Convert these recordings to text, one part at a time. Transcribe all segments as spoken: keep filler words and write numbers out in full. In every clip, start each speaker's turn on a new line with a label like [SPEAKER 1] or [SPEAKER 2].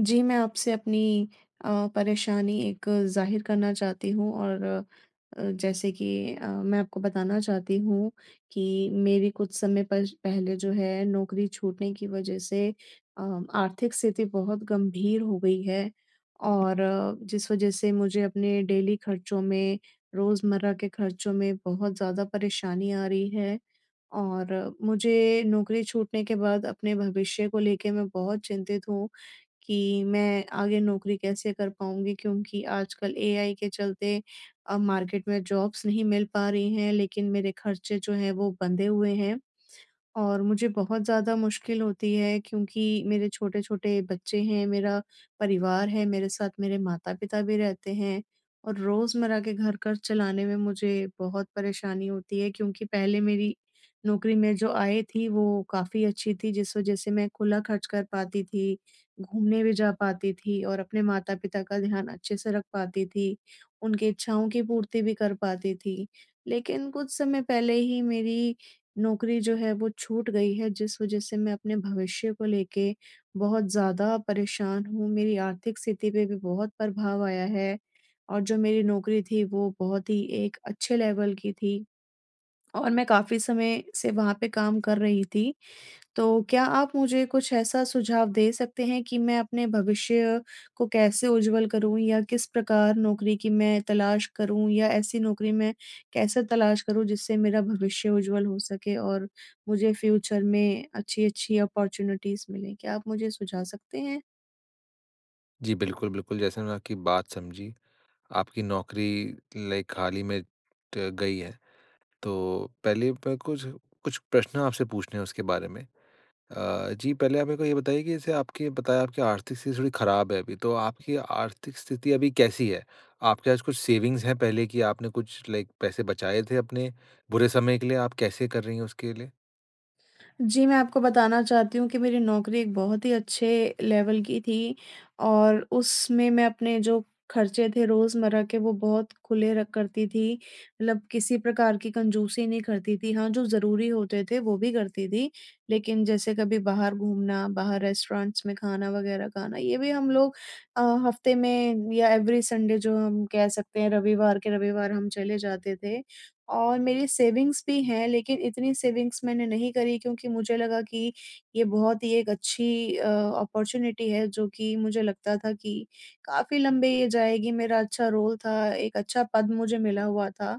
[SPEAKER 1] जी मैं आपसे अपनी अ, परेशानी एक ज़ाहिर करना चाहती हूँ और अ, जैसे कि अ, मैं आपको बताना चाहती हूँ कि मेरी कुछ समय पर पहले जो है नौकरी छूटने की वजह से अ, आर्थिक स्थिति बहुत गंभीर हो गई है। और जिस वजह से मुझे अपने डेली खर्चों में, रोज़मर्रा के खर्चों में बहुत ज़्यादा परेशानी आ रही है। और मुझे नौकरी छूटने के बाद अपने भविष्य को लेके मैं बहुत चिंतित हूँ कि मैं आगे नौकरी कैसे कर पाऊँगी? क्योंकि आजकल एआई के चलते अब मार्केट में जॉब्स नहीं मिल पा रही हैं लेकिन मेरे खर्चे जो हैं, वो बंधे हुए हैं। और मुझे बहुत ज़्यादा मुश्किल होती है क्योंकि मेरे छोटे-छोटे बच्चे हैं, मेरा परिवार है मेरे साथ, मेरे माता-पिता भी रहते हैं। और रोज़मर्रा के घर खर्च चलाने में मुझे बहुत परेशानी होती है क्योंकि पहले मेरी नौकरी में जो आय थी वो काफ़ी अच्छी थी जिस वजह से मैं खुला खर्च कर पाती थी, घूमने भी जा पाती थी और अपने माता-पिता का ध्यान अच्छे से रख पाती थी। उनकी इच्छाओं की पूर्ति भी कर पाती थी। लेकिन कुछ समय पहले ही मेरी नौकरी जो है वो छूट गई है जिस वजह से मैं अपने भविष्य को लेके बहुत ज़्यादा परेशान हूँ, मेरी आर्थिक स्थिति पे भी बहुत प्रभाव आया है। और जो मेरी नौकरी थी वो बहुत ही एक अच्छे लेवल की थी और मैं काफ़ी समय से वहाँ पे काम कर रही थी। तो क्या आप मुझे कुछ ऐसा सुझाव दे सकते हैं कि मैं अपने भविष्य को कैसे उज्ज्वल करूँ या किस प्रकार नौकरी की मैं तलाश करूँ या ऐसी नौकरी में कैसे तलाश करूँ जिससे मेरा भविष्य उज्ज्वल हो सके? और मुझे फ्यूचर में अच्छी-अच्छी अपॉर्च्युनिटीज़ मिलें। क्या आप मुझे सुझाव सकते हैं?
[SPEAKER 2] जी, बिल्कुल, बिल्कुल। जैसे मैंने आपकी बात समझी। आपकी नौकरी लाइक हाल ही में त गई है। तो पहले प कुछ, कुछ प्रश्न आपसे पूछने हैं उसके बारे में। अ, जी पहले आप मेरे को ये बताइए कि जैसे आपके बताया आपकी आर्थिक स्थिति थोड़ी खराब है अभी तो आपकी आर्थिक स्थिति अभी कैसी है? आपके पास कुछ सेविंग्स है पहले की आपने कुछ लाइक पैसे बचाए थे अपने बुरे समय के लिए आप कैसे कर रही हैं उसके लिए?
[SPEAKER 1] जी, मैं आपको बताना चाहती हूँ कि मेरी नौकरी एक बहुत ही अच्छे लेवल की थी। और उसमें मैं अपने जो खर्चे थे रोज़मर्रा के वो बहुत खुले र करती थी। मतलब किसी प्रकार की कंजूसी नहीं करती थी हाँ, जो ज़रूरी होते थे वो भी करती थी। लेकिन जैसे कभी बाहर घूमना, बाहर रेस्टोरेंट्स में खाना वग़ैरह खाना ये भी हम लोग अ, हफ़्ते में या एवरी संडे जो हम कह सकते हैं रविवार के रविवार हम चले जाते थे। और मेरी सेविंग्स भी हैं लेकिन इतनी सेविंग्स मैंने नहीं करी क्योंकि मुझे लगा कि ये बहुत ही एक अच्छी अ, अपॉर्च्युनिटी है जो कि मुझे लगता था कि काफ़ी लंबे ये जाएगी मेरा अच्छा रोल था एक अच्छा पद मुझे मिला हुआ था।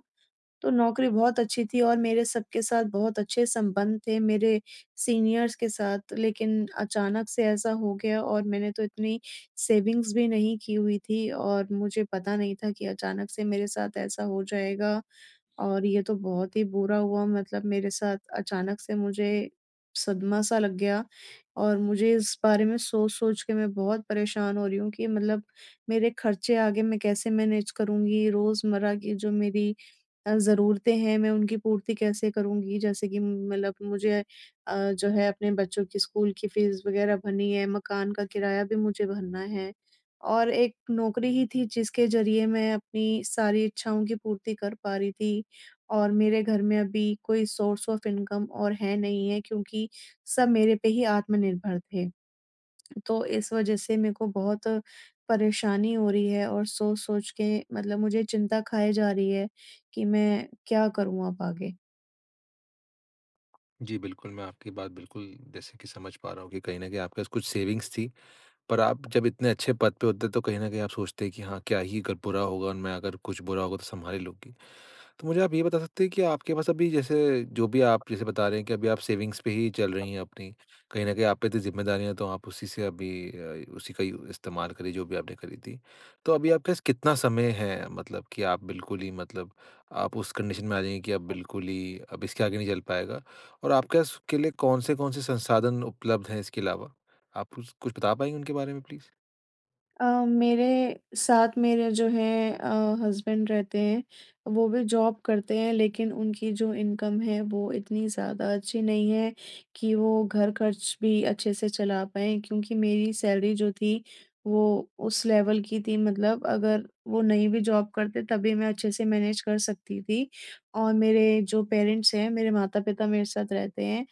[SPEAKER 1] तो नौकरी बहुत अच्छी थी और मेरे सबके साथ बहुत अच्छे संबंध थे मेरे सीनियर्स के साथ लेकिन अचानक से ऐसा हो गया और मैंने तो इतनी सेविंग्स भी नहीं की हुई थी और मुझे पता नहीं था कि अचानक से मेरे साथ ऐसा हो जाएगा। और ये तो बहुत ही बुरा हुआ मतलब मेरे साथ अचानक से मुझे सदमा-सा लग गया और मुझे इस बारे में सोच-सोच के मैं बहुत परेशान हो रही हूँ कि मतलब मेरे खर्चे आगे मैं कैसे मैनेज करूँगी रोज़मर्रा की जो मेरी अ, ज़रूरतें हैं मैं उनकी पूर्ति कैसे करूँगी? जैसे कि मतलब मुझे अ, जो है अपने बच्चों की स्कूल की फीस वग़ैरह भरनी है, मकान का किराया भी मुझे भरना है। और एक नौकरी ही थी जिसके ज़रिए मैं अपनी सारी इच्छाओं की पूर्ति कर पा रही थी और मेरे घर में अभी कोई सोर्स ऑफ इनकम और है नहीं है क्योंकि सब मेरे पे ही आत्मनिर्भर थे। तो इस वजह से मेरे को बहुत परेशानी हो रही है और सोच-सोच के मतलब मुझे चिंता खाए जा रही है कि मैं क्या करूँ अब आगे?
[SPEAKER 2] जी, बिल्कुल मैं आपकी बात बिल्कुल, जैसे कि समझ पा रहा हूँ कि कहीं न कहीं आपके पास कुछ सेविंग्स थी। पर आप जब इतने अच्छे पद पे होते हैं, तो कहीं न कहीं आप सोचते हैं कि हाँ, क्या ही अगर बुरा होगा और मैं अगर कुछ बुरा होगा, तो सँभाल ही लूँगी। तो मुझे आप ये बता सकते हैं कि आपके पास अभी जैसे, जो भी आप जैसे बता रहे हैं, कि अभी आप सेविंग्स पे ही चल रही हैं, अपनी। कहीं न कहीं आप पे इतनी ज़िम्मेदारियाँ है, तो आप उसी से अभी अ, उसी का यू इस्तेमाल करिए, जो भी आपने करी थी। तो अभी आपके पास कितना समय है, मतलब कि आप बिल्कुल ही मतलब आप उस कंडीशन में आ जाएँगी कि अब बिल्कुल ही अब इसके आगे नहीं चल पाएगा। और आपके पास उसके लिए कौन-से कौन-से संसाधन उपलब्ध हैं, इसके अलावा? आप कुस कुछ बता पाएँगे उनके बारे में प्लीज़?
[SPEAKER 1] अ, मेरे साथ मेरे जो हैं अ, हस्बैंड रहते हैं। वो भी जॉब करते हैं, लेकिन उनकी जो इनकम है, वो इतनी ज़्यादा अच्छी नहीं है, कि वो घर ख़र्च भी अच्छे से चला पाएँ। क्योंकि मेरी सैलरी जो थी, वो उस लेवल की थी मतलब अगर वो नहीं भी जॉब करते तभी मैं अच्छे से मैनेज़ कर सकती थी। और मेरे जो पेरेंट्स हैं, मेरे माता-पिता मेरे साथ रहते हैं।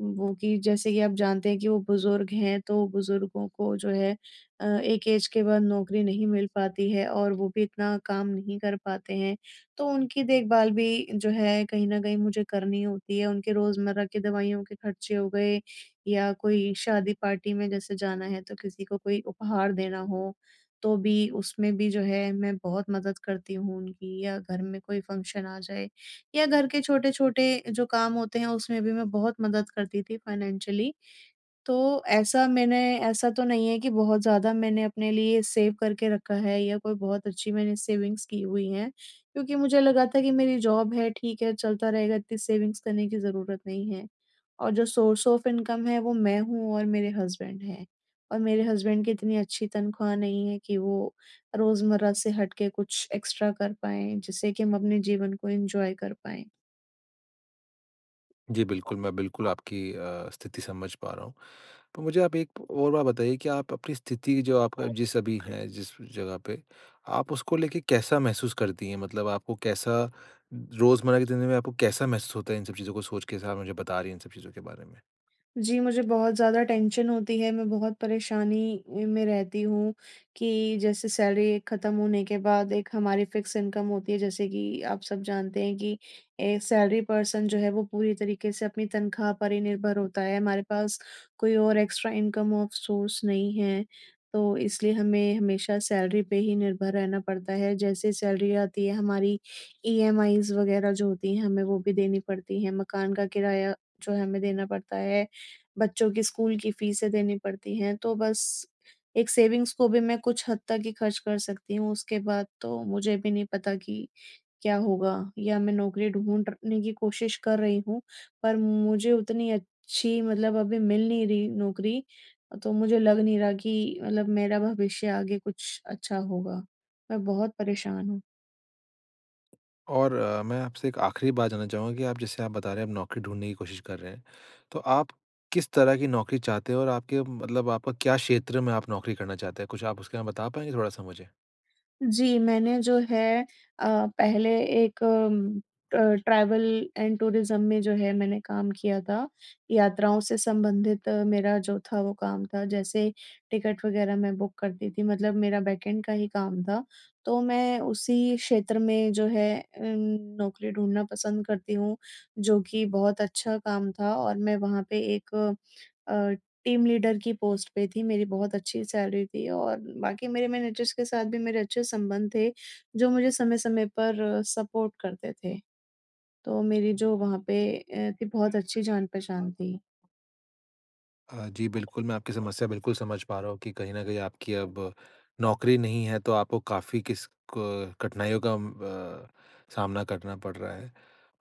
[SPEAKER 1] वो कि जैसे कि, आप जानते हैं कि वो बुजुर्ग हैं, तो बुज़ुर्गों को जो है अ, एक ऐज़ के बाद नौकरी नहीं मिल पाती है और वो भी इतना काम नहीं कर पाते हैं। तो उनकी देखभाल भी जो है कहीं न कहीं मुझे करनी होती है, उनके रोज़मर्रा की दवाइयों के ख़र्चे हो गए या कोई शादी, पार्टी में जैसे जाना है तो किसी को कोई उपहार देना हो, तो भी उसमें भी जो है मैं बहुत मदद करती हूँ उनकी। या घर में कोई फ़ंक्शन आ जाए या घर के छोटे-छोटे जो काम होते हैं, उसमें भी मैं बहुत मदद करती थी फ़ाइनेंशियली। तो, ऐसा मैंने ऐसा तो नहीं है कि बहुत ज़्यादा मैंने अपने लिए सेव करके रखा है या कोई बहुत अच्छी मैंने सेविंग्स की हुई हैं। क्योंकि मुझे लगा था कि मेरी जॉब है, ठीक है, चलता रहेगा इतनी सेविंग्स करने की ज़रूरत नहीं है। और जो सोर्स ऑफ इनकम है, वो मैं हूँ और मेरे हस्बैंड हैं। और मेरे हस्बैंड की इतनी अच्छी तनख्वाह नहीं है कि वो रोज़मर्रा से हट के कुछ एक्स्ट्रा कर पाएँ, जिससे कि हम अपने जीवन को एन्जॉय कर पाएँ।
[SPEAKER 2] जी, बिल्कुल। मैं बिल्कुल आपकी अ, स्थिति समझ पा रहा हूँ। तो मुझे आप एक और बात बताइए कि आप अपनी स्थिति जो आपका जिस अभी हैं, जिस जगह पे, आप उसको लेके कैसा महसूस करती हैं? मतलब आपको कैसा रोज़मर्रा की ज़िंदगी में आपको कैसा महसूस होता है इन सब चीज़ों को सोच के, जैसा आप मुझे बता रही हैं इन सब चीज़ों के बारे में?
[SPEAKER 1] जी, मुझे बहुत ज़्यादा टेंशन होती है, मैं बहुत परेशानी उ, में रहती हूँ कि जैसे सैलरी एक खत्म होने के बाद एक हमारी फिक्स इनकम होती है जैसे कि आप सब जानते हैं कि ए सैलरी पर्सन जो है वो पूरी तरीके से अपनी तनख़्वाह पर ही निर्भर होता है, हमारे पास कोई और एक्स्ट्रा इनकम ऑफ सोर्स नहीं है। तो इसलिए हमें, हमेशा सैलरी पे ही निर्भर रहना पड़ता है, जैसे ही सैलरी आती है हमारी ईएमआईस वग़ैरह जो होती है, हमें वो भी देनी पड़ती है, मकान का किराया जो है, हमें देना पड़ता है। बच्चों की स्कूल की फीसें देनी पड़ती हैं, तो बस एक सेविंग्स को भी मैं कुछ हद तक ही खर्च कर सकती हूँ, उसके बाद तो मुझे भी नहीं पता कि क्या होगा? या मैं नौकरी ढूँढ रखने की कोशिश कर रही हूँ। पर मुझे उतनी अच्छी मतलब अभी मिल नहीं रही नौकरी अ, तो मुझे लग नहीं रहा कि मतलब मेरा भविष्य आगे कुछ अच्छा होगा। मैं बहुत परेशान हूँ।
[SPEAKER 2] और अ, मैं आपसे एक आखिरी बात जानना चाहूँगा कि आप जैसे आप बता रहे हैं, आप नौकरी ढूँढने की कोशिश कर रहे हैं, तो आप किस तरह की नौकरी चाहते हो? और आपके, मतलब आपका क्या क्षेत्र में आप नौकरी करना चाहते हैं? कुछ आप उसके में बता पाएँगे थोड़ा-सा मुझे?
[SPEAKER 1] जी। मैंने जो है अ, पहले एक अ, ट्रैवल एंड टूरिज्म में जो है मैंने काम किया था, यात्राओं से संबंधित मेरा जो था वो काम था, जैसे टिकट वग़ैरह मैं बुक करती थी, मतलब मेरा बैकएंड का ही काम था। तो मैं उसी क्षेत्र मैं जो है अ, नौकरी ढूँढना पसंद करती हूँ। जो कि बहुत अच्छा काम था और मैं वहाँ पे एक अ, टीम लीडर की पोस्ट पे थी। मेरी बहुत अच्छी सैलरी थी और बाकी मेरे मैनेजर्स के साथ भी मेरे अच्छे संबंध थे, जो मुझे समय-समय पर सपोर्ट करते थे। तो मेरी जो वहाँ पे ए बहुत अच्छी जान-पहचान थी।
[SPEAKER 2] अ, जी बिल्कुल। मैं आपकी समस्या बिल्कुल समझ पा रहा हूँ कि कहीं न कहीं आपकी अब, नौकरी नहीं है, तो आपको काफ़ी किस क कठिनाइयों का अम अ, सामना करना पड़ रहा है।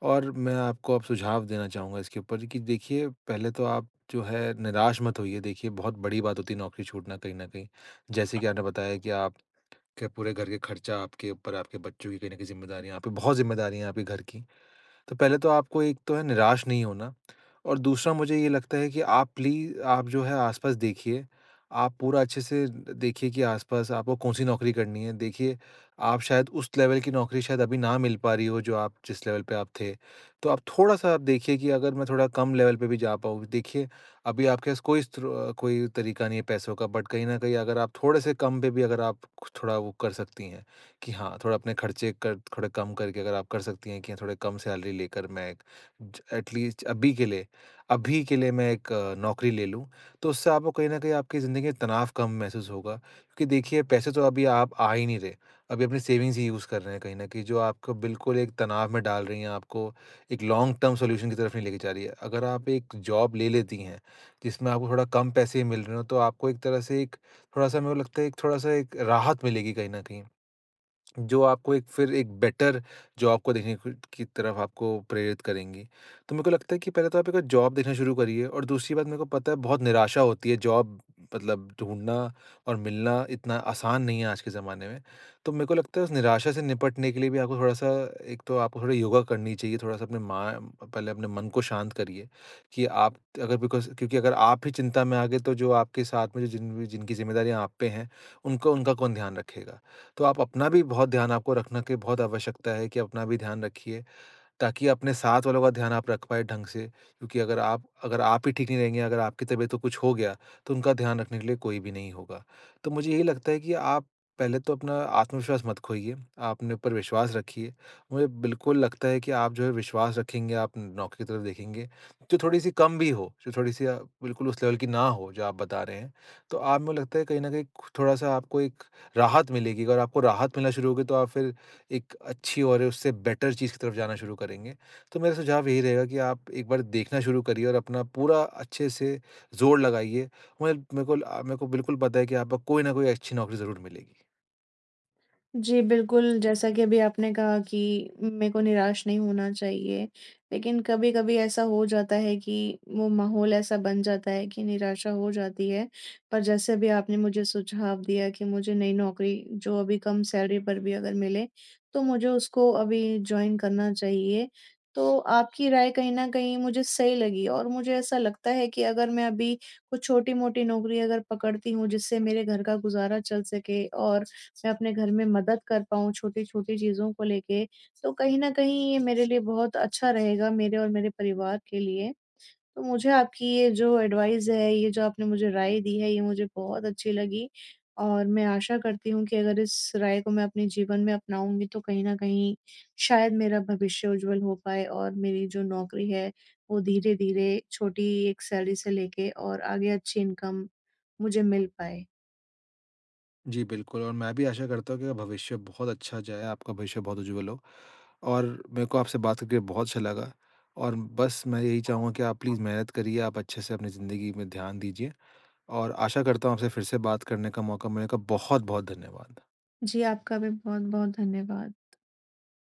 [SPEAKER 2] और मैं आपको अब सुझाव देना चाहूँगा इसके ऊपर, कि देखिए, पहले तो आप जो है निराश मत होइए देखिए बहुत बड़ी बात होती है नौकरी छूटना कहीं न कहीं। जैसे कि आपने बताया कि आप के पूरे घर के खर्चा आपके ऊपर है, आपके बच्चों की कहीं न कहीं ज़िम्मेदारियाँ आप पे बहुत ज़िम्मेदारियाँ हैं आपके घर की। तो पहले तो आपको एक तो है निराश नहीं होना, और दूसरा मुझे ये लगता है कि आप प्ली आप जो है आस-पास देखिए, आप पूरा अच्छे से द देखिए कि आस-पास आपको कौन-सी नौकरी करनी है, देखिए आप शायद उस लेवल की नौकरी शायद अभी ना मिल पा रही हो, जो आप जिस लेवल पे आप थे। तो आप थोड़ा-सा आप देखिए कि अगर मैं थोड़ा कम लेवल पे भी जा पाऊँ। देखिए अभी आपके पास कोई स्रो कोई तरीका नहीं है पैसों का बट कहीं न कहीं अगर आप थोड़े से कम पे भी अगर आप थोड़ा वो कर सकती हैं, कि हाँ थोड़ा अपने खर्चे कर थोड़े कम करके अगर आप कर सकती हैं कि हाँ, थोड़ी कम सैलरी लेकर मैं एक, ज एटलीस्ज अभी के लिए अभी के लिए मैं एक नौकरी ले लूँ। तो उससे आपको कहीं न कहीं आपकी ज़िंदगी में तनाव कम महसूस होगा, क्योंकि देखिए पैसे तो अभी आप आ ही नहीं रहे। अभी अपनी सेविंग्स ही यूज़ कर रहे हैं कहीं न कहीं, जो आपको बिल्कुल एक तनाव में डाल रही हैं, आपको एक लॉन्ग टर्म सॉल्यूशन की तरफ नहीं लेके जा रही है। अगर आप एक जॉब ले लेती हैं, जिसमें आपको थोड़ा कम पैसे ही मिल रहे हों, तो आपको एक तरह से एक थोड़ा-सा मेरे को लगता है, थोड़ा-सा एक राहत मिलेगी कहीं न कहीं। जो आपको एक फिर एक बेटर जॉब को देखने कु की तरफ आपको प्रेरित करेंगी। तो मेरे को लगता है कि पहले तो आप एक जॉब देखना शुरू करिए और दूसरी बात मेरे को पता है बहुत निराशा होती है जॉब मतलब, ढूँढना और मिलना इतना आसान नहीं है आज के ज़माने में। तो मेरे को लगता है उस निराशा से निपटने के लिए भी, आपको थोड़ा-सा एक तो आपको थोड़ा योगा करनी चाहिए, थोड़ा-सा अपने मा पहले अपने मन को शांत करिए, कि आप अगर बिकॉज़ क्योंकि अगर आप ही चिंता में आ गए, तो जो आपके साथ में जो जिन जिनकी जिम्मेदारियाँ आप पे हैं, उनको उनका कौन ध्यान रखेगा? तो आप अपना भी बहुत ध्यान आपको रखना की बहुत आवश्यकता है, कि अपना भी ध्यान रखिए। ताकि अपने साथ वालों का ध्यान आप रख पाए ढँग से, क्योंकि अगर आप अगर आप ही ठीक नहीं रहेंगे, अगर आपकी तबीयत तो कुछ हो गया तो उनका ध्यान रखने के लिए कोई भी नहीं होगा। तो मुझे यही लगता है कि आप पहले तो अपना आत्मविश्वास मत खोइए, आप अपने ऊपर विश्वास रखिए। मुझे बिल्कुल लगता है कि आप जो है विश्वास रखेंगे, आप नौकरी की तरफ देखेंगे, जो थोड़ी-सी कम भी हो, जो थोड़ी-सी अ, बिल्कुल उस लेवल की ना हो जो आप बता रहे हैं। तो आप मुझे लगता है कहीं न कहीं कु थोड़ा-सा आपको एक राहत मिलेगी, अगर आपको राहत मिलना शुरू होगी, तो आप फिर, एक अच्छी और उससे बेटर चीज़ की तरफ जाना शुरू करेंगे। तो मेरा सुझाव यही रहेगा कि आप, एक बार देखना शुरू करिए और अपना पूरा अच्छे से ज़ोर लगाइए। [unintelligible] मेरे को अ, मेरे को बिल्कुल पता है कि आपको कोई ना कोई अच्छी नौकरी ज़रूर मिलेगी।
[SPEAKER 1] जी। बिल्कुल, जैसा कि अभी आपने कहा कि मेरे को निराश नहीं होना चाहिए, लेकिन कभी-कभी ऐसा हो जाता है कि वो माहौल ऐसा बन जाता है कि निराशा हो जाती है। पर जैसे अभी आपने मुझे सुझाव दिया कि मुझे नई नौकरी, जो अभी कम सैलरी पर भी अगर मिले तो मुझे उसको अभी जॉइन करना चाहिए। तो आपकी राय कहीं न कहीं मुझे सही लगी और मुझे ऐसा लगता है कि अगर मैं अभी कुछ छोटी-मोटी नौकरी अगर पकड़ती हूँ जिससे मेरे घर का गुज़ारा चल सके और मैं अपने घर में मदद कर पाऊँ, छोटी-छोटी चीज़ों को लेके। तो कहीं न कहीं ये मेरे लिए बहुत अच्छा रहेगा मेरे और मेरे परिवार के लिए। तो मुझे आपकी ये जो एडवाइस है, ये जो आपने मुझे राय दी है ये मुझे बहुत अच्छी लगी। और मैं आशा करती हूँ कि अगर इस राय को मैं अपने जीवन में अपनाऊँगी तो कहीं न कहीं शायद मेरा भविष्य उज्ज्वल हो पाए और मेरी जो नौकरी है वो धीरे-धीरे छोटी एक सैलरी से लेके और आगे अच्छी इनकम मुझे मिल पाए।
[SPEAKER 2] जी, बिल्कुल और मैं भी आशा करता हूँ कि भविष्य बहुत अच्छा जाए, आपका भविष्य बहुत उज्ज्वल हो और मैं को आपसे बात करके बहुत अच्छा लगा। और बस मैं यही
[SPEAKER 1] हाँ।
[SPEAKER 2] चाहूँगा कि आप प्लीज़ मेहनत करिए, आप अच्छे से अपनी ज़िंदगी में ध्यान दीजिए। और आशा करता हूँ आपसे फ़िर से बात करने का मौका मिलेगा, बहुत-बहुत धन्यवाद।
[SPEAKER 1] जी, आपका भी बहुत-बहुत धन्यवाद।